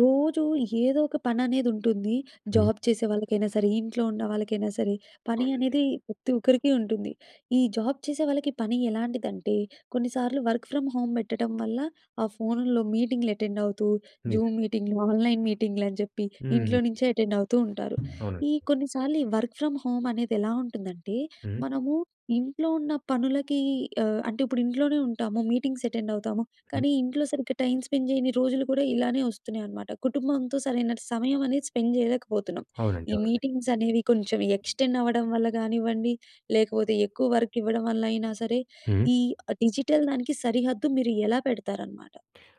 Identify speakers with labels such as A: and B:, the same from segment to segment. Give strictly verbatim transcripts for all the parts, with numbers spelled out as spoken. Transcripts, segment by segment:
A: రోజూ ఏదో ఒక పననేదుంటుంది.
B: హ్మ్.
A: జాబ్ చేసే వాళ్ళకయినా సరే, ఇంట్లో ఉన్నవాళ్ళకయినా సరే, పని
B: అవునండి.
A: అనేదీ ప్రతి ఒక్కరికి ఉంటుంది. ఈ జాబ్ చేసే వాళ్ళకి పని ఎలాంటిదంటే, కొన్నిసార్లు వర్క్ ఫ్రమ్ హోమ్ బెట్టటం వల్ల, ఆ ఫోన్లో మీటింగ్‌లెటెండవుతూ, జూమ్
B: నిజంగా.
A: మీటింగ్లు, ఆన్‍లైన్ మీటింగ్లని జెప్పి,
B: హ్మ్.
A: ఇంట్లో నించే ఎటెండవుతూ ఉంటారు.
B: అవునండి.
A: ఈ కొన్నిసార్లు ఈ వర్క్ ఫ్రమ్ హోమనేదెలా ఉంటుందంటే,
B: హ్మ్.
A: మనమూ ఇంట్లో ఉన్న పనులకీ ఆహ్, అంటే ఇప్పుడు ఇంట్లోనే ఉంటాము. మీటింగ్సె అటెండవుతాము,
B: హ్మ్.
A: కానీ ఇంట్లో సరిగ్గా టైమ్ స్పెండ్ జెయ్యని రోజులు గుడా ఇలానే ఒస్తున్నయనమాట. కుటుంబంతో సరైన ట్ సమయమనేది స్పెండ్ జెయలేకపోతున్నాం.
B: అవునండి.
A: ఈ
B: అవునండి.
A: మీటింగ్సనేవి కొంచెం ఎక్స్‌టెండవ్వడం వల్ల గానివ్వండి, లేకపోతే ఎక్కువ వర్క్ ఇవ్వడం వల్లయినా సరే,
B: హ్మ్.
A: ఈ ఆహ్, డిజిటల్ దానికి సరిహద్దు మీరు ఎలా పెడతారనమాట?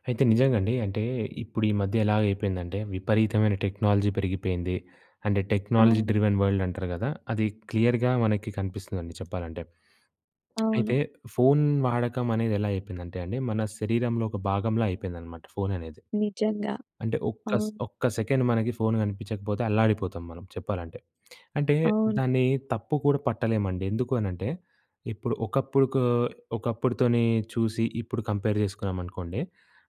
B: అయితే, నిజంగండి. అంటే, ఇప్పుడు ఈ మధ్య ఎలాయిపోయిందంటే, విపరీతమైన టెక్నాలజీ పెరిగిపెయింది. అంటే, టెక్నాలజీ
A: అవును.
B: డ్రివెన్ వల్డంటారు గదా! అది క్లియర్‌గా మనకి కనిపిస్తుందండి చెప్పాలంటే. అయితే,
A: అవును.
B: ఫోను వాడకమనేదెలా అయిపోయిందంటే అండి, మన శరీరంలో ఒక భాగంలా అయిపోయిందనమాట ఫోను అనేది.
A: నిజంగా.
B: అంటే, ఒక్క స్
A: అవును.
B: ఒక్క సెకెండ్ మనకి ఫోను గనిపిచ్చకపోతే అల్లాడిపోతాం మనం చెప్పాలంటే. అంటే,
A: అవును.
B: దాన్నీ తప్పు కూడా పట్టలేమండి. ఎందుకూ అనంటే, ఇప్పుడు ఒకప్పుడుకో ఒకప్పుడుతోనే చూసి, ఇప్పుడు కంపేర్ చేసుకున్నామనుకోండి.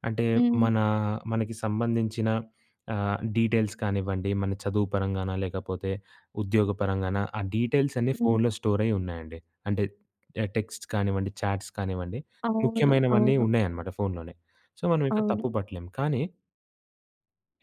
B: అంటే,
A: హ్మ్.
B: మనా మనకి సంబంధించిన ఆహ్, డీటెయిల్స్ కానివ్వండి, మన చదువు పరంగానా, లేకపోతే ఉద్యోగ పరంగానా, ఆ డీటెయిల్సన్నీ
A: హ్మ్.
B: ఫోన్లో స్టోరైయ్యున్నాయండి. అంటే య టెక్స్ట్ కానివ్వండి, చాట్స్ కానివ్వండి,
A: అవును.
B: ముఖ్యమైనవన్నీ
A: అవును.
B: ఉన్నయనమాట ఫోన్లోనే. సో, మనవింక
A: అవును.
B: తప్పు బట్టలేం, కానీ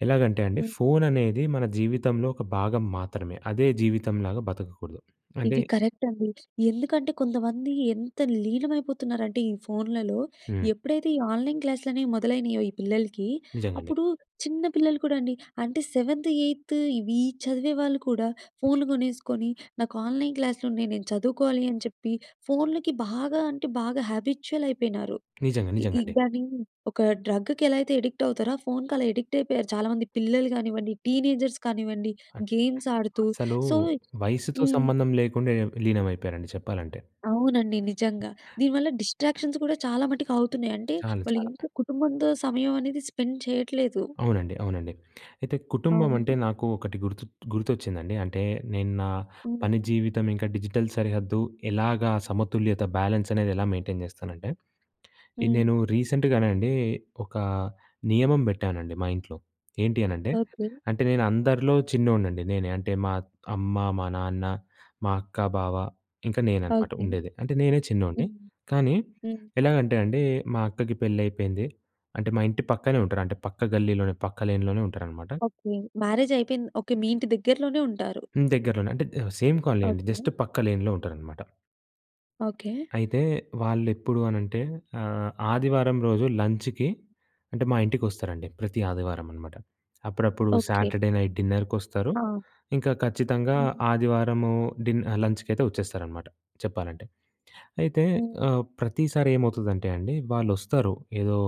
B: ఎలాగంటే అండి.
A: హ్మ్.
B: ఫోను అనేది మన జీవితంలో ఒక భాగం మాత్రమే. అదే జీవితంలాగా బతకకూడదు. అంటే
A: ఇది కరెక్ట్ అండి. ఎందుకంటే కొంతమంది ఎంత లీనమైపోతున్నారంటే ఈ ఫోన్లలో
B: హ్మ్.
A: ఎప్పుడైతే ఈ ఆన్‍లైన్ క్లాసులు అనేవి మొదలైనాయో ఈ పిల్లలకి
B: నిజంగండి.
A: అప్పుడు చిన్న పిల్లలు కూడా అండి అంటే సెవెంత్, ఎయిత్ ఇవి చదివే వాళ్ళు కూడా ఫోన్లు కొనేసుకొని నాకు ఆన్‍లైన్ క్లాస్లున్నాయి. నేను చదువుకోవాలి అని జెప్పి ఫోన్లకి బాగా అంటే బాగా హ్యాబిచ్యువల్ అయిపోయినారు.
B: నిజంగా
A: ఈ
B: నిజంగండి.
A: దాన్ని ఒక డ్రగ్‌కి ఎలా అయితే అడిక్ట్ అవుతారో ఆ ఫోన్‌కి అలా అడిక్ట్ అయిపోయారు చాలామంది పిల్లలు గానివ్వండి టీనేజర్స్ కానివ్వండి
B: అం
A: గేమ్స్ ఆడుతూ
B: అసలు
A: సో
B: [unintelligible] వయసుతో
A: హ్మ్.
B: సంబంధం లేకుండా ఏ లీనమైపోయారండి చెప్పాలంటే.
A: అవునండి నిజంగా. దీనివల్ల డిస్ట్రాక్షన్స్ గూడా చాలా మటుకు అవుతున్నాయి. అంటే
B: చాలా
A: వాళ్ళు
B: చాలా.
A: ఇంట్లో కుటుంబంతో సమయం అనేది స్పెండ్ చేయట్లేదు.
B: అవునండి. అవునండి. అయితే కుటుంబం అంటే
A: అవును.
B: నాకు ఒకటి గుర్తు గుర్తొచ్చిందండి. అంటే నేను నా
A: హ్మ్.
B: పని జీవితం ఇంకా డిజిటల్ సరిహద్దు ఎలాగా సమతుల్యత బ్యాలెన్స్ అనేది ఎలా మెయింటెయిన్ జేస్తానంటే, ఈ
A: హ్మ్.
B: నేను రీసెంట్‍గానే అండి ఒక నియమం పెట్టానండి మా ఇంట్లో. ఏంటి అనంటే,
A: ఓకే.
B: అంటే నేను అందరిలో చిన్నోన్నండి నేనే. అంటే మా అమ్మ, మా నాన్న మా అక్క, బావ ఇంకా నేనన్నమాట
A: ఓకే.
B: ఉండేది. అంటే నేనే చిన్నోణ్ణి
A: హ్మ్.
B: కానీ
A: హ్మ్.
B: ఎలాగంటే అండి మా అక్కకి పెళ్ళైపోయింది. అంటే మా ఇంటి పక్కనే ఉంటారు. అంటే పక్క గల్లీలోనే పక్క లేన్‌లోనే ఉంటారన్నమాట.
A: ఓకే. మ్యారేజ్ అయిపోయింది ఓకే మీ ఇంటి దగ్గరలోనే ఉంటారు.
B: హ్మ్. దగ్గరలోనే అంటే సేమ్ కాలనీ అండి. Just
A: okay.
B: పక్క లైన్‌లో ఉంటారన్నమాట.
A: ఓకె.
B: అయితే వాళ్ళెప్పుడు అనంటే, ఆహ్, ఆదివారం రోజు లంచ్‌కి అంటే మా ఇంటికి వస్తారండి. ప్రతి ఆదివారం అనమాట. అప్పుడప్పుడు
A: ఓకె.
B: Saturday night డిన్నర్‌కొస్తారు.
A: ఆ!
B: ఇంకా ఖచ్చితంగా
A: హ్మ్.
B: ఆదివారము డి లంచ్‌కి అయితే వచ్చేస్తారనమాట చెప్పాలంటే. అయితే
A: హ్మ్.
B: ఆహ్, ప్రతిసారి ఏమవుతదంటే అండి వాళ్ళొస్తారు ఏదో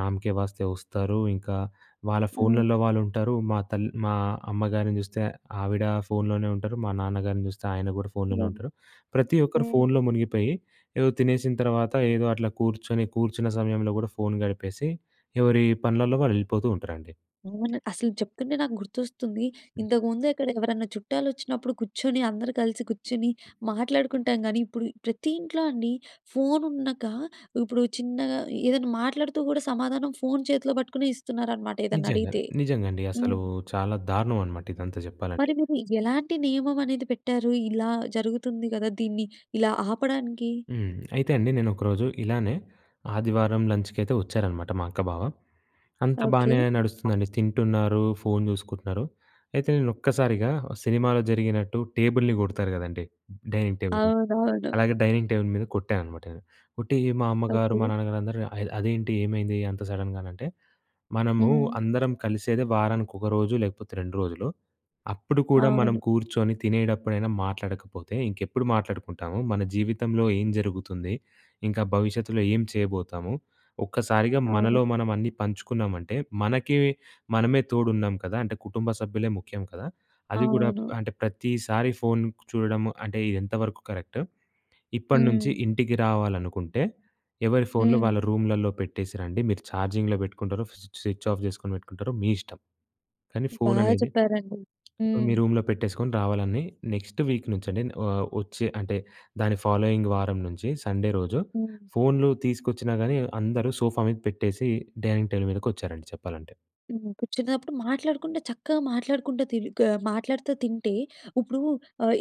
B: నామ్‌కే వాస్తే వస్తారు. ఇంకా వాళ్ళ
A: హ్మ్.
B: ఫోన్లలో వాళ్ళుంటారు. మా తల్ మా అమ్మగారిని చూస్తే, ఆవిడ ఫోనులోనే ఉంటారు. మా నాన్నగారిని చూస్తే, ఆయన కూడా ఫోనులోనే
A: ఓహ్!
B: ఉంటారు. ప్రతి ఒక్కరు
A: హ్మ్.
B: ఫోనులో మునిగిపోయి ఏదో తినేసిన తర్వాత ఏదో అట్లా కూర్చొని కూర్చున్న సమయంలో కూడా ఫోను గడిపేసి. ఎవరి పనులల్లో వాళ్ళు ఎళ్ళిపోతూ ఉంటరండి.
A: అవును అసలు చెప్తుంటే నాకు గుర్తొస్తుంది.
B: హ్మ్.
A: ఇంతకుముందు ఎక్కడ ఎవరన్నా చుట్టాలు వచ్చినప్పుడు కూర్చొని అందరూ కలిసి కూర్చొని మాట్లాడుకుంటాం గాని, ఇప్పుడు ప్రతి ఇంట్లో అండి ఫోనున్నాక, ఇప్పుడు చిన్నగా ఏదైనా మాట్లాడుతూ కూడా సమాధానం ఫోను చేతిలో పట్టుకునే ఇస్తున్నారనమాట
B: నిజంగా
A: ఏదన్నడిగితే.
B: నిజంగా అండి. అసలు
A: హ్మ్.
B: చాలా దారుణం అన్నమాట ఇదంతా చెప్పాలంటే.
A: మరి మీరు ఎలాంటి నియమం అనేది పెట్టారు? ఇలా జరుగుతుంది కదా! దీన్ని ఇలా ఆపడానికి?
B: హ్మ్. అయితే అండి నేను ఒకరోజు ఇలానే ఆదివారం లంచ్‌కి అయితే వచ్చారనమాట మా అక్క, బావ. అంతా
A: ఓకె.
B: బానే నడుస్తుందండి తింటున్నారు ఫోను చూసుకుంటున్నారు. అయితే నేను ఒక్కసారిగా సినిమాలో జరిగినట్టు టేబుల్‍ని కొడతారు కదండీ డైనింగ్ టేబుల్‍ని.
A: అవునవును.
B: అలాగ డైనింగ్ టేబుల్ మీద కొట్టా అనమాట నేను. కొట్టి మా అమ్మగారు, మా
A: ఓకె.
B: నాన్నగారు అందరూ "అదేంటి ఏమైంది అంత సడన్‍గా" అనంటే మనము
A: హ్మ్.
B: అందరం కలిసేదే వారానికి ఒక రోజు లేకపోతే రెండు రోజులు అప్పుడు కూడా మనం
A: అవును.
B: కూర్చొని తినేటప్పుడైనా మాట్లాడకపోతే ఇంకెప్పుడు మాట్లాడుకుంటాము. మన జీవితంలో ఏం జరుగుతుంది? ఇంకా భవిష్యత్తులో ఏం చేయబోతాము? ఒక్కసారిగా మనలో
A: అవును.
B: మనం అన్నీ పంచుకున్నామంటే. మనకి మనమే తోడున్నాం కదా! అంటే కుటుంబ సభ్యులే ముఖ్యం కదా! అది కూడా ప్
A: అవును.
B: ఆహ్, అంటే ప్రతిసారి ఫోను చూడడము అంటే ఇది ఎంతవరకు కరెక్టు? ఇప్పటి నుంచి
A: హ్మ్.
B: ఇంటికి రావాలనుకుంటే ఎవరి ఫోన్లు
A: హ్మ్.
B: వాళ్ళ రూములలో పెట్టేసిరండి. మీరు చార్జింగ్‌లో పెట్టుకుంటరో స్వి స్విచ్ ఆఫ్ చేసుకొని పెట్టుకుంటారో మీ ఇష్టం. కానీ
A: బా
B: ఫోననేది
A: చెప్పారండి
B: మీ
A: హ్మ్.
B: రూమ్‍లో పెట్టేసుకొని రావాలని నెక్స్ట్ వీక్ నుంచి అని, ఆహ్, వచ్చే అంటే దాని ఫాలోయింగ్ వారం నుంచి సండే రోజు
A: హ్మ్.
B: ఫోన్లు తీసుకొచ్చినా కాని అందరూ సోఫా మీద పెట్టేసి డైనింగ్ టేబుల్ మీదకొచ్చారండి చెప్పాలంటే.
A: హ్మ్. కూర్చున్నప్పుడు మాట్లాడుకుంటే చక్కగా మాట్లాడుకుంటా, తి గా మాట్లాడుతా తింటే ఉప్పుడు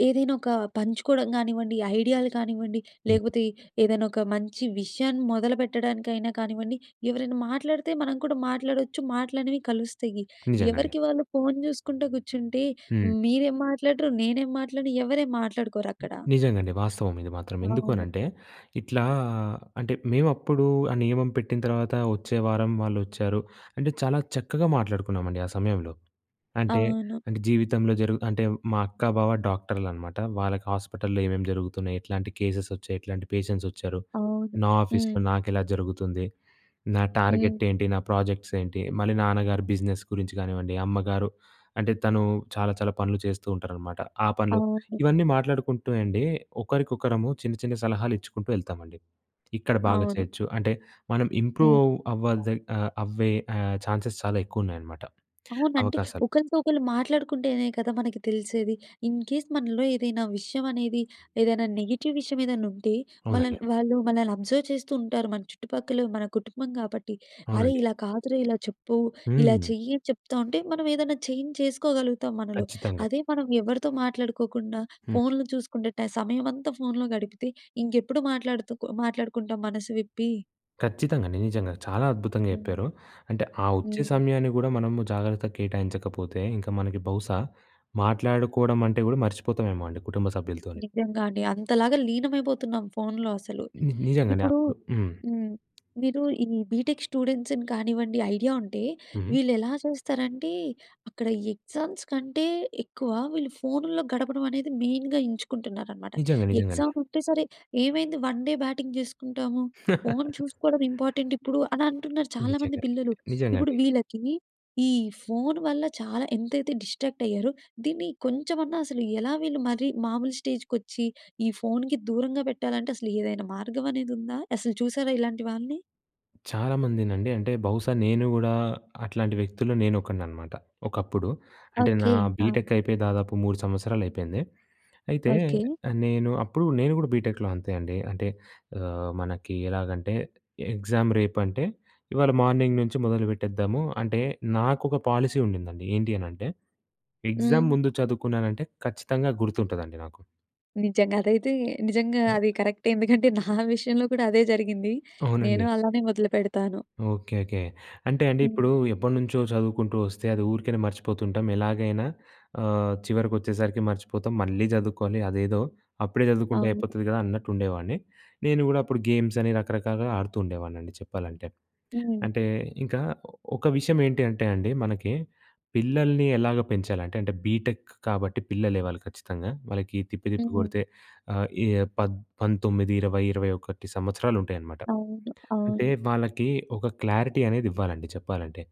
A: ఏదైనా ఒక పంచుకోవడం కానివ్వండి, ఐడియాలు కానివ్వండి,
B: హ్మ్.
A: లేకపోతే ఏదైనా ఒక మంచి విషయాన్ని మొదలుపెట్టడానికైనా కానివ్వండి. ఎవరైనా మాట్లాడితే మనం కూడా మాట్లాడొచ్చు మాటలనేవి కలుస్తాయి.
B: నిజంగండి.
A: ఎవరికి వాళ్ళు ఫోను చూసుకుంటా కూర్చుంటే
B: హ్మ్.
A: మీరేం మాట్లాడరు నేనేం మాట్లాడను ఎవరేం మాట్లాడుకోరక్కడ.
B: నిజంగా అండి వాస్తవం ఇది మాత్రం. ఎందుకు
A: అవును.
B: అనంటే ఇట్లా అంటే మేము అప్పుడు ఆ నియమం పెట్టిన తర్వాత వచ్చే వారం వాళ్ళొచ్చారు. అంటే చాలా చక్కగా మాట్లాడుకున్నామండి ఆ సమయంలో. అంటే
A: అవును.
B: జీవితంలో జరుగు అంటే మా అక్కా బావ డాక్టర్లనమాట. వాళ్ళకి హాస్పిటలులో ఏమేమి జరుగుతున్నాయి ఇట్లాంటి కేసెస్ వచ్చాయి? ఎట్లాంటి పేషెంట్స్ వచ్చారు?
A: అవును.
B: నా ఆఫీస్‍లో
A: హ్మ్.
B: నాకు ఎలా జరుగుతుంది? నా టార్గెట్
A: హ్మ్.
B: ఏంటి? నా ప్రాజెక్ట్స్ ఏంటి? మళ్ళీ నాన్నగారు బిజినెస్ గురించి కానివ్వండి, అమ్మగారు అంటే తను చాలా చాలా పనులు చేస్తూ ఉంటారనమాట ఆ పనులు.
A: అవును.
B: ఇవన్నీ మాట్లాడుకుంటూ అండి ఒకరికొకరము చిన్న చిన్న సలహాలు ఇచ్చుకుంటూ ఎళ్తామండి. ఇక్కడ బాగా
A: అవును.
B: చేయొచ్చు అంటే మనం ఇంప్రూవ్
A: హ్మ్.
B: అవ్వు అవ్వద్ ఆహ్, అవ్వే ఆహ్, ఛాన్సెస్ చాలా ఎక్కువ ఉన్నాయి అనమాట
A: అవును. అంటే
B: అవకాశాలు.
A: ఒకళ్ళతో ఒకళ్ళు మాట్లాడుకుంటేనే కదా! మనకి తెలిసేది. ఇన్‌కేస్ మనలో ఏదైనా విషయం అనేది ఏదైనా నెగెటివ్ విషయం ఏదైనా ఉంటే, మన
B: అవునండి.
A: వాళ్ళు మనల్ని అబ్జర్వ్ చేస్తూ ఉంటారు. మన చుట్టుపక్కల మన కుటుంబం కాబట్టి అరేయ్!
B: అవునండి.
A: ఇలా కాదురా ఇలా చెప్పు ఇలా
B: హ్మ్.
A: చెయ్యి అని చెప్తా ఉంటే మనం ఏదన్నా చేంజ్ చేసుకోగలుగుతాం మనలో.
B: ఖచ్చితంగా.
A: అదే మనం ఎవరితో మాట్లాడుకోకుండా
B: హ్మ్.
A: ఫోన్లు చూసుకుంటే. సమయమంతా ఫోన్‍లో గడిపితే, ఇంకెప్పుడు మాట్లాడుతు మాట్లాడుకుంటాం మనసు విప్పి.
B: ఖచ్చితంగండి. నిజంగా. చాలా అద్భుతంగా
A: హ్మ్.
B: చెప్పారు. అంటే, ఆ ఒచ్చే
A: హ్మ్.
B: సమయాన్ని గూడా మనము జాగ్రత్తగా కేటాయించకపోతే, ఇంక మనకి బహుశా మాట్లాడుకోడమంటే గూడా మర్చిపోతావేమో అండి కుటుంబ సభ్యులతోని.
A: నిజ్జంగా అండి. అంతలాగా లీనమైపోతున్నాం, ఫోన్లో అసలు.
B: ని నిజంగండి
A: ఇప్పుడూ
B: అప్పుడు హ్మ్.
A: హ్మ్. మీరూ ఈ బీటెక్ స్టూడెంట్స్‌ని కానివ్వండి, ఐడియా ఉంటే,
B: హ్మ్.
A: వీళ్ళెలా చేస్తారంటే, అక్కడ ఎగ్జామ్స్ కంటే ఎక్కువ వీళ్ళు ఫోనుల్లో గడపడమనేది మెయిన్‌గా ఎంచుకుంటున్నారనమాట.
B: నిజంగా. నిజంగండి.
A: ఎగ్జాముంటే సరే, ఏమైంది వన్ డే బ్యాటింగ్ జేసుకుంటాము, ఫోను చూసుకోడం ఇంపార్టెంటిప్పుడు అనంటున్నారు చాలామంది
B: నిజంగానే.
A: పిల్లలు. ఇప్పుడు
B: నిజంగండి.
A: వీళ్ళకీ, ఈ ఫోను వల్ల చాలా ఎంతైతే డిస్ట్రాక్టయ్యారో, దీన్ని కొంచమన్నా అసలు ఎలా వీళ్ళు మరీ మాములు స్టేజ్‌కొచ్చీ, ఈ ఫోనుకి దూరంగా పెట్టాలంటే, అసలు ఏదైనా మార్గవనేదుందా? అసలు చూశారా ఇలాంటి వాళ్ళని?
B: చాలామందినండీ, అంటే, బహుశా నేను గూడా అట్లాంటి వ్యక్తుల్లో నేనొకడిననమాట ఒకప్పుడు. అంటే, నా
A: ఓకే. ఆ!
B: బీటెక్కయిపోయి దాదాపు మూడు సంవత్సరాలయిపోయింది. అయితే,
A: ఓకే.
B: ఆహ్, నేను అప్పుడు గూడా నేను గూడా బీటెక్‍లో అంతే అండీ. అంటే, ఆహ్, మనకి ఎలాగంటే, ఎగ్జామ్ రేపంటే ఇవాళ మార్నింగ్ నుంచి మొదలుపెట్టేద్దాము, అంటే, నాకొక పాలసీ ఉండిందండి. ఏంటి అనంటే, ఎగ్జామ్
A: హ్మ్.
B: ముందు చదువుకున్నానంటే, ఖచ్చితంగా గుర్తుంటదండి నాకు.
A: నిజంగా. అదైతే నిజంగా
B: ఆ!
A: అదీ కరక్టే. ఎందుకంటే, నా విషయంలో కూడా అదే జరిగింది.
B: అవునండి.
A: నేను అలానే మొదలుపెడతాను.
B: ఓకే. ఓకే. అంటే అండీ
A: హ్మ్.
B: ఇప్పుడూ, ఎప్పటనుంచో చదువుకుంటూ ఒస్తే అది ఊరికెనే మర్చిపోతుంటాం. ఎలాగైనా ఆహ్, చివరికొచ్చేసరికి మర్చిపోతాం. మళ్ళీ జదువుకోవాలి. అదేదో అప్పుడే చదువుకుంటే
A: అవును.
B: అయిపోతది గదా అన్నట్టుండేవాడిని. నేను గూడా అప్పుడు గేమ్సని రకరకాలుగా ఆడుతూ ఉండేవాడినండి చెప్పాలంటే.
A: హ్మ్.
B: అంటే, ఇంకా ఒ ఒక విషయమేంటి అంటే అండి, మనకి పిల్లలిని ఎలాగా పెంచాలి, అంటే అంటే బీటెక్ కాబట్టి పిల్లలే వాళ్ళు ఖచ్చితంగా. వాళ్ళకీ తిప్పి, తిప్పి
A: హ్మ్.
B: గొడితే ఆహ్, ఏ పద్ పంతొమ్మిది ఇరవై ఇరవై ఒకటి సంవత్సరాలు ఉంటయనమాట.
A: అవును.
B: అంటే,
A: అవును.
B: వాళ్ళకీ ఒక క్లారిటీ అనేది ఇవ్వాలండి చెప్పాలంటే.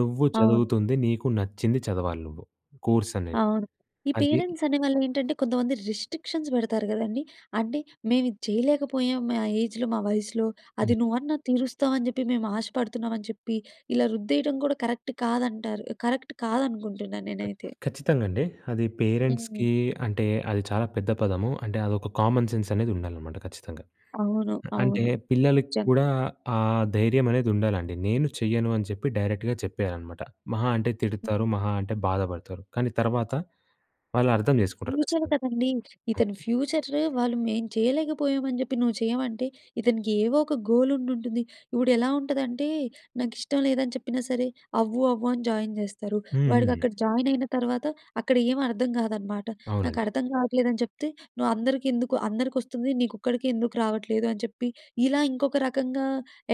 B: నువ్వు
A: అవును.
B: చదువుతుంది, నీకు నచ్చింది చదవాలి నువ్వు కోర్సనేది.
A: అవును. ఈ
B: అది
A: పేరెంట్సనేవాళ్ళేంటంటే, కొంతమంది రిస్ట్రిక్షన్స్ పెడతారు గదండి. అంటే, మేవిది చెయ్యలేకపోయాం, మా ఏజ్‌లో, మా వయసులో అది
B: హ్మ్.
A: నువ్వన్నా తీరుస్తావని జెప్పి మేమాశపడుతున్నామని చెప్పి, ఇలా రుద్దేయటం కూడా కరక్ట్ కాదంటారు కరక్ట్ కాదనుకుంటున్నా
B: ఖచ్
A: నేనైతే.
B: ఖచ్చితంగండి. అది పేరెంట్స్‌కీ
A: హ్మ్.
B: అంటే, అది చాలా పెద్ద పదము. అంటే, అదొక కామన్ సెన్సనేది ఉండాలనమాట ఖచ్చితంగా.
A: అవును.
B: అ అంటే,
A: అవును.
B: పిల్లలకి
A: నిజం.
B: కూడా ఆ ధైర్యమనేదుండాలండి. నేను చెయ్యను అని చెప్పి డైరెక్ట్‌గా చెప్పేయాలనమాట. మహా అంటే తిడతారు,
A: హ్మ్.
B: మహా అంటే బాధపడతారు, కానీ తర్వాత వాళ్ళు అర్థం జేసుకుంటారు
A: ఫ్యూచర్
B: ఖచ్చితంగా.
A: కదండీ.
B: హ్మ్.
A: ఇతను ఫ్యూచర్రు వాళ్ళు మేం చెయ్యలేకపోయామని జెప్పి నువ్వు చెయ్యమంటే, ఇతనికి ఏవోక గోలుండుంటుంది. ఇప్పుడెలా ఉంటదంటే, నాకిష్టం లేదని చెప్పినా సరే, అవ్వు, అవ్వు అని జాయిన్ జేస్తారు.
B: హ్మ్. హ్మ్.
A: వాడికక్కడ జాయినయిన తర్వాత, అక్కడ ఏవర్థం గాదనమాట.
B: అవునండి.
A: నాకర్థం గావట్లేదని చెప్తే, నువ్వందరికెందుకు అందరికొస్తుంది, నీకొక్కడికే ఎందుకు రావట్లేదు అని చెప్పి, ఇలా ఇంకొక రకంగా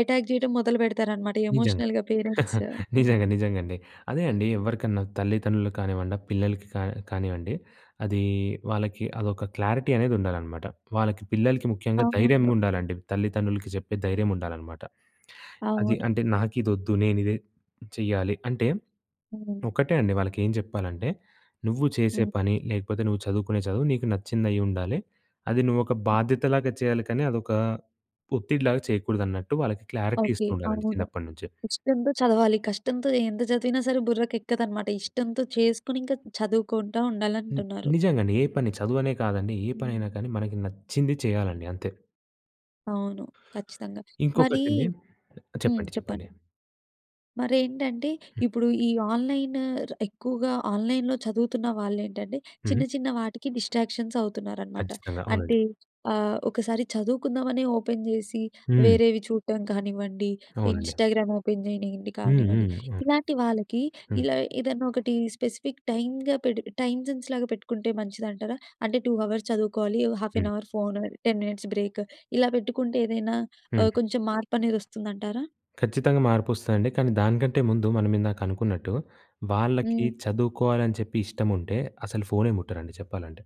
A: ఎటాక్ జెయటం మొదలుపెడతారనమాట
B: నిజంగా.
A: ఎమోషనల్‌గా పేరెంట్స్. ఆ!
B: నిజంగా. నిజంగండి. అదే అండీ, ఎవ్వరికన్నా తల్లితండ్రులుకు కానివ్వండి, ఆ పిల్లలకి కా కానివ్వండి, అదీ వాళ్ళకి అదొక క్లారిటీ అనేదుండాలనమాట. వాళ్ళకి పిల్లలకి ముఖ్యంగా
A: అవును.
B: ధైర్యంగుండాలండి. తల్లితండ్రులకి చెప్పే ధైర్యముండాలనమాట. అది
A: అవును.
B: అంటే, నాకిదొద్దు, నేనిదే చెయ్యాలి. అంటే
A: హ్మ్.
B: ఒకటే అండి, వాళ్ళకేం జెప్పాలంటే, నువ్వు చేసే
A: హ్మ్.
B: పని, లేకపోతే నువ్వు చదువుకునే చదువు, నీకు నచ్చిందయ్యుండాలి. అది నువ్వు ఒక బాధ్యతలాగా చెయ్యాలి, కానీ అదొకా ఒత్తిడిలాగా చెయకూడదన్నట్టు వాళ్ళకి క్లారిటీ
A: ఓకే.
B: ఇస్తుండాలండి
A: అవును.
B: చిన్నప్పడనుంచే.
A: ఇష్టంతో చదవాలి. కష్టంతో ఎంత చదివినా సరే బుర్రకెక్కదనమాట. ఇష్టంతో చేసుకొనింక చదువుకుంటా
B: హ్మ్.
A: ఉండాలంటున్నారు.
B: నిజంగండి. ఏ పని, చదువనే కాదండి. ఏ పనైనా
A: హ్మ్.
B: కానీ, మనకి నచ్చింది చెయ్యాలండి. అంతే.
A: అవును, ఖచ్చితంగా. మరి
B: ఇంకొకటండి
A: హ్మ్.
B: చెప్పండి. చెప్పండి.
A: చెప్పండి. మరేంటంటే,
B: హ్మ్.
A: ఇప్పుడు ఈ ఆన్‍లైను ర్ ఎక్కువగా ఆన్‍లైన్‍లో చదువుతున్న వాళ్ళేంటంటే చిన్న,
B: హుహు.
A: చిన్న వాటికి డిస్ట్రాక్షన్స్ అవుతున్నారనమాట.
B: ఖచ్చితంగా. అవునండి.
A: అంటే ఆహ్, ఒకసారి చదువుకుందామనే ఓపెన్ చేసి,
B: హ్మ్.
A: వేరేవి చూటం కానివ్వండి,
B: అవునండి.
A: ఇన్‌స్టాగ్రామ్ ఓపెన్ చేయనియండి
B: హ్మ్.
A: కానివ్వండి.
B: హ్మ్. అవును.
A: ఇలాంటి వాళ్ళకి
B: హ్మ్.
A: ఇలా ఏదైనొకటి స్పెసిఫిక్ టైమ్‌గా పెడి టైమ్ సెన్స్ లాగా పెట్టుకుంటే మంచిదంటారా? అంటే, టూ అవర్స్ చదువుకోవాలి, హాఫ్
B: హ్మ్.
A: An hour phone, ten minutes break. ఇలా పెట్టుకుంటే ఏదైనా ఆహ్,
B: హుహు.
A: కొంచెం మార్పనేదొస్తుందంటారా?
B: ఖచ్చితంగా మార్పొస్తదండి. కానీ దానికంటే ముందు మనం ఇందాక అనుకున్నట్టు, వాళ్ళకి
A: హ్మ్.
B: చదువుకోవాలని చెప్పి ఇష్టముంటే, అసలు ఫోనే ముట్టరండి చెప్పాలంటే.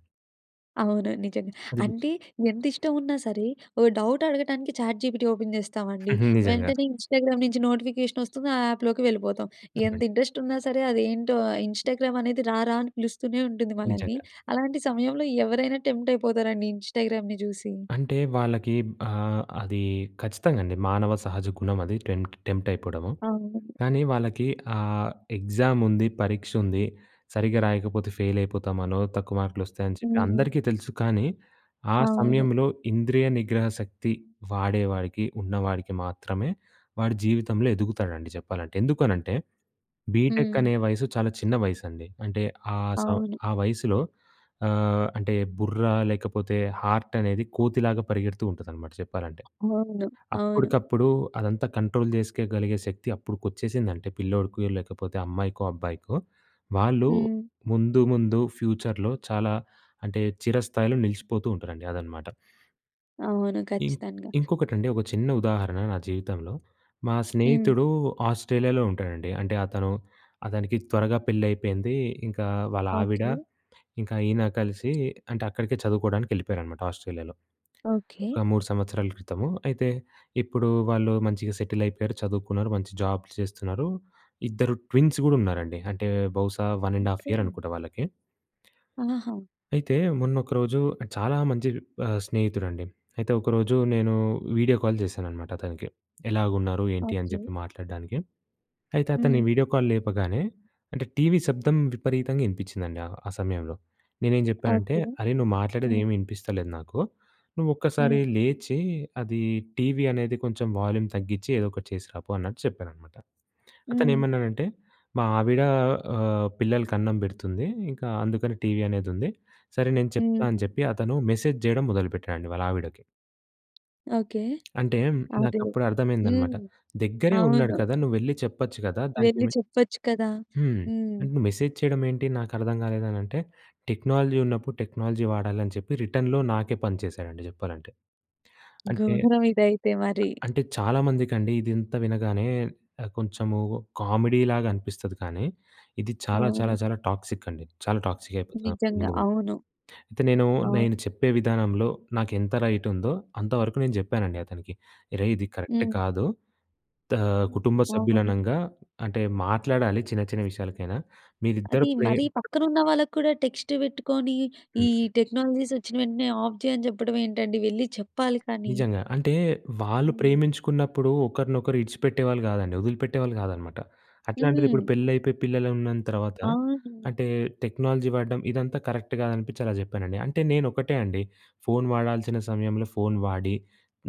A: అవును. నిజంగా.
B: అది మ్
A: అంటే, ఎంతిష్టం ఉన్నా సరే, ఓ డౌట్ అడగటానికి చాట్‌జీపీటీ ఓపెన్ చేస్తామండి.
B: హ్మ్. నిజంగా.
A: వెంటనే ఇన్‌స్టాగ్రామ్ నుంచి నోటిఫికేషనొస్తుంది ఆ యాప్‍‌లోకి వెళ్ళిపోతాం. ఎంత
B: అవునండి.
A: ఇంట్రెస్టున్నా సరే, అదేంటో, ఇన్‌స్టాగ్రామనేది రారా! అని పిలుస్తూనే ఉంటుంది మనల్ని.
B: నిజంగా.
A: అలాంటి సమయంలో ఎవరైనా టెంప్ట్ అయిపోతారండి ఇన్‌స్టాగ్రామ్‌ని చూసి.
B: అంటే వాళ్ళకి ఆహ్, అది ఖచ్చితంగా అండి. మానవ సహజ గుణమది. టెం టెంప్టైయిపోవడము.
A: అవునండి.
B: కానీ వాళ్ళకి ఆహ్, ఎగ్జాముంది, పరీక్షుంది. సరిగ్గా రాయకపోతే ఫెయిలైపోతామనో, తక్కువ మార్కులొస్తాయని చెప్పి
A: హ్మ్.
B: అందరికీ తెలుసు. కానీ, ఆ
A: అవును.
B: సమయంలో ఇంద్రియ నిగ్రహ శక్తి వాడే వాడికి, ఉన్నవాడికి మాత్రమే వాడు జీవితంలో ఎదుగుతాడండి చెప్పాలంటే. ఎందుకనంటే,
A: హ్మ్.
B: బీటెకనే వయస్సు చాలా చిన్న వయసండి. అంటే, ఆ సం
A: అవును.
B: ఆ వయసులో ఆహ్, అంటే బుర్ర లేకపోతే, హార్టనేది కోతిలాగా పరిగెడుతూ ఉంటదనమాట చెప్పాలంటే.
A: ముందు. అవును.
B: అప్పటికప్పుడు అదంతా కంట్రోల్ చేసుకోగలిగే శక్తి అప్పడుకొచ్చేసిందంటే పిల్లోడికి, లేకపోతే అమ్మాయికో, అబ్బాయికో, వాళ్ళు
A: హ్మ్.
B: ముందు, ముందు ఫ్యూచర్‍లో చాలా అంటే చిరస్థాయిలో నిలిచిపోతూ ఉంటారండి. అదనమాట.
A: అవును.
B: ఇం
A: ఖచ్చితంగా!
B: ఇంకొకటండి ఒక చిన్న ఉదాహరణ నా జీవితంలో. మా
A: హ్మ్.
B: స్నేహితుడు ఆస్ట్రేలియాలో ఉంటాడండి. అంటే అతను అతనికి త్వరగా పెళ్లైయిపోయింది. ఇంకా వాళ్లావిడ,
A: ఓకే.
B: ఇంకా ఈయన కలిసి అంటే అక్కడికే చదువుకోవడానికెళ్ళిపోయారనమాట ఆస్ట్రేలియాలో.
A: ఓకే.
B: ఒక మూడు సంవత్సరాల క్రితము. అయితే, ఇప్పుడు వాళ్ళు మంచిగా సెటిలైయిపోయారు, చదువుకున్నారు. మంచి జాబ్స్ చేస్తున్నారు. ఇద్దరు ట్విన్స్ గూడా ఉన్నారండి. అంటే బహుశా, వన్ అండ్ హాఫ్
A: ఓకే.
B: ఇయరనుకుంటా వాళ్ళకి.
A: ఆహా!
B: అయితే, మొన్నొకరోజు చాలా మంచి ఆహ్, స్నేహితుడండి. అయితే ఒకరోజు నేను వీడియో కాల్ చేశాననమాట అతనికి. ఎలాగున్నారు, ఏంటి అని
A: ఓకే.
B: చెప్పి మాట్లాడడానికి. అయితే అతను ఈ
A: హ్మ్.
B: వీడియో కాల్ లేపగానే, అంటే టీవీ శబ్దం విపరీతంగా ఇనిపిచిందండి ఆ సమయంలో. నేనేం జెప్పానంటే,
A: ఓకే.
B: అరేయ్! నువ్వు
A: హ్మ్.
B: మాట్లాడేదేం ఇనిపిస్తలేదు నాకు. నువ్వొక్కసారి
A: హ్మ్.
B: లేచి, అది టీవీ అనేది కొంచెం వాల్యూమ్ తగ్గించి, ఏదో ఒకటి చేసి రాపో, అన్నట్టు చెప్పాననమాట.
A: హ్మ్.
B: అతనేమన్నాడంటే, "మా ఆవిడ, ఆహ్, పిల్లలకన్నం పెడుతుంది. ఇంకా అందుకని టీవీ అనేదుంది, సరే నేను చెప్తా" అని
A: హ్మ్.
B: చెప్పి, అతను మెసేజ్ చేయడం మొదలుపెట్టాడండి వాళ్ళ ఆవిడకి.
A: ఓకే.
B: అంటే,
A: అదే.
B: నాకప్పుడర్థమైందనమాట.
A: హ్మ్.
B: దగ్గరే ఉన్నాడు
A: అవును.
B: కదా! నువ్వెళ్ళి చెప్పచ్చు గదా! దానికి
A: వెళ్లి
B: మె
A: చెప్పచ్చు కదా!
B: హ్మ్.
A: హ్మ్.
B: అంటే, నువ్వు మెసేజ్ చెయడమేంటి నాకర్థం గాలేదనంటే, టెక్నాలజీ ఉన్నప్పుడు టెక్నాలజీ వాడాలని చెప్పి రిటర్న్‌లో నాకే పంచేశాడండి జెప్పాలంటే. అంటే
A: గోరం ఇదైతే మరీ.
B: అంటే, చాలా మందికండీ, ఇదింత వినగానే ఆహ్, కొంచెమూ కామిడీలాగనిపిస్తది, కానీ, ఇది చాలా, చాలా,
A: అవును.
B: చాలా టాక్సిక్కండి. చాలా టాక్సికయిపోతది
A: నిజంగా.
B: ముందు ముందు.
A: అవును.
B: అయితే, నేనూ,
A: అవును.
B: నేను చెప్పే విధానంలో నాకెంత రైటుందో అంతవరకు నేను జెప్పానండి అతనికి. "రేయ్! ఇది కరక్ట్
A: హ్మ్.
B: కాదు. దా కుటుంబ
A: అవును.
B: సభ్యులనంగా అంటే, మాట్లాడాలి చిన్న చిన్న విషయాలకైనా. మీరిద్దరు
A: అదీ
B: ప్రేమ్"
A: మరీ పక్కనున్న వాళ్ళకి కూడా టెక్స్టే పెట్టుకోని, ఈ
B: హుహు.
A: టెక్నాలజీసొచ్చిన వెంటనే ఆఫ్ జెయి అని చెప్పడవేంటండి, వెళ్ళి చెప్పాలి కానీ.
B: నిజంగా. అంటే, వాళ్ళు
A: హ్మ్.
B: ప్రేమించుకున్నప్పుడు ఒకరినొకరు ఇడిచిపెట్టేవాళ్ళు గాదండి, ఒదిలిపెట్టేవాళ్ళు గాదనమాట. అట్లాంటిదిప్పుడు
A: హ్మ్.
B: పెళ్ళయిపోయి, పిల్లలున్న తర్వాత,
A: అవును.
B: అంటే, టెక్నాలజీ వాడడం, ఇదంతా కరెక్ట్‌ గాదనిపిచ్చి అలా జెప్పానండి. అంటే, నేనొకటే అండి, ఫోను వాడాల్సిన సమయంలో ఫోను వాడి,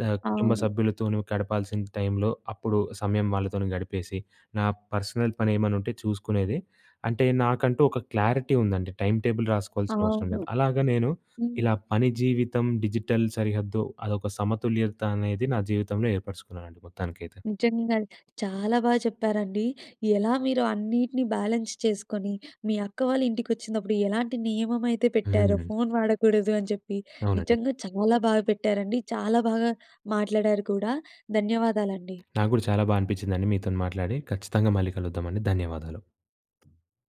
B: ఆహ్, కుటుంబ
A: అవును.
B: సభ్యులతో నువ్వు గడపాల్సిన టైంలో, అప్పుడు సమయం వాళ్ళతోని గడిపేసి, నా పర్సనల్ పనేమన్నుంటే చూసుకునేది. అంటే, నాకంటూ ఒక క్లారిటీ ఉందండి, టైమ్ టేబుల్ రాసుకోవాల్సినవసరం
A: అవును.
B: లేదు. అలాగ నేను,
A: హ్మ్.
B: ఇలా పని జీవితం, డిజిటల్ సరిహద్దు, అదొక సమతుల్యత అనేది, నా జీవితంలో ఏర్పరుచుకున్నానండి మొత్తానికైతే.
A: నిజంగా. చాలా బాగా చెప్పారండి. ఎలా మీరు అన్నిటిని బ్యాలెన్స్ చేసుకొనీ, మీ అక్క వాళ్ళ ఇంటికొచ్చిందప్పుడు, ఎలాంటి నియమయితే పెట్టారో
B: హ్మ్.
A: ఫోను వాడకూడదు అని చెప్పి.
B: అవునండి.
A: నిజంగా చాలా బాగా పెట్టారండి, చాలా బాగా మాట్లాడారు కూడా. ధన్యవాదాలండి.
B: నాకు గూడా చాలా బా అనిపిచ్చిందండి మీతోని మాట్లాడి. ఖచ్చితంగా మళ్ళీ కలుద్దామండి. ధన్యవాదాలు.